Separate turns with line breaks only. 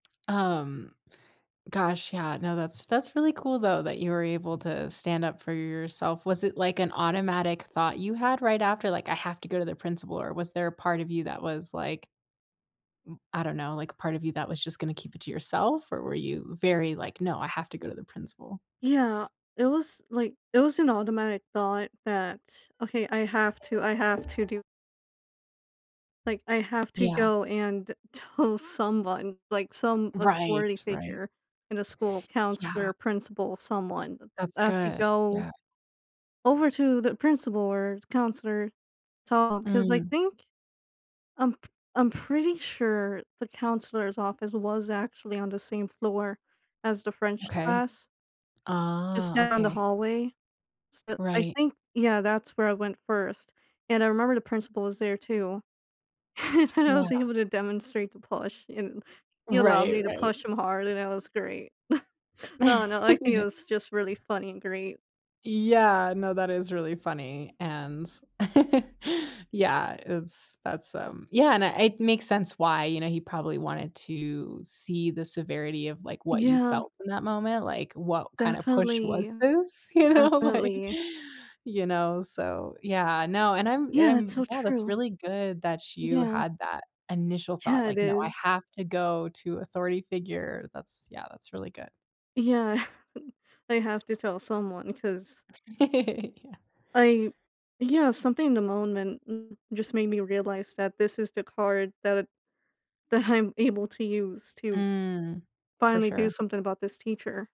Um, gosh, yeah no that's that's really cool though, that you were able to stand up for yourself, was it like an automatic thought you had right after, like, “I have to go to the principal” or was there a part of you that was, like, m I don't know, like a part of you that was just gonna keep it to yourself or were you very like, “No, I have to go to the principal.”
Yeah, it was, like, it was an automatic thought that, “Okay I have to I have to do“ like “I have to
Yeah.
go and tell someone, like some
Right,
authority
right.
figure in the school
Yeah.
counselor, principal, someone.
That's
I have to
good,
go
yeah.
over to the principal or counselor, talk “'cause I
Mm.
think I'm p I'm pretty sure the counselor's office was actually on the same floor as the French
Okay,
class just
ah,
down the
okay.
hallway. So I
Right.
think, yeah, that's where I went first and I remember the principal was there too. and I
Yeah.
was able to demonstrate the push and he allowed
Right,
me to
right.
push him hard and it was great I don't know, I think it was just really funny and great.
Yeah, no that is really funny and yeah it's that's, um, yeah and I it makes sense why, you know, he probably wanted to see the severity of, like, what you
Yeah.
felt in that moment, like, what kinda push
Definitely,
was this? You know? Like,
definitely.
you know? So yeah, no and I'm
Yeah, that's
I'm
so
no that's
true.
really good that you
Yeah.
had that initial thought,
Yeah it
like, no, "I
is.
have to go to authority figure." That's, yeah, that's really good.
Yeah I have to tell someone 'cause
Yeah.
like yeah, something in the moment just made me realize that this is the card that that I'm able to use to
Mm, for
finally do
sure.
something about this teacher.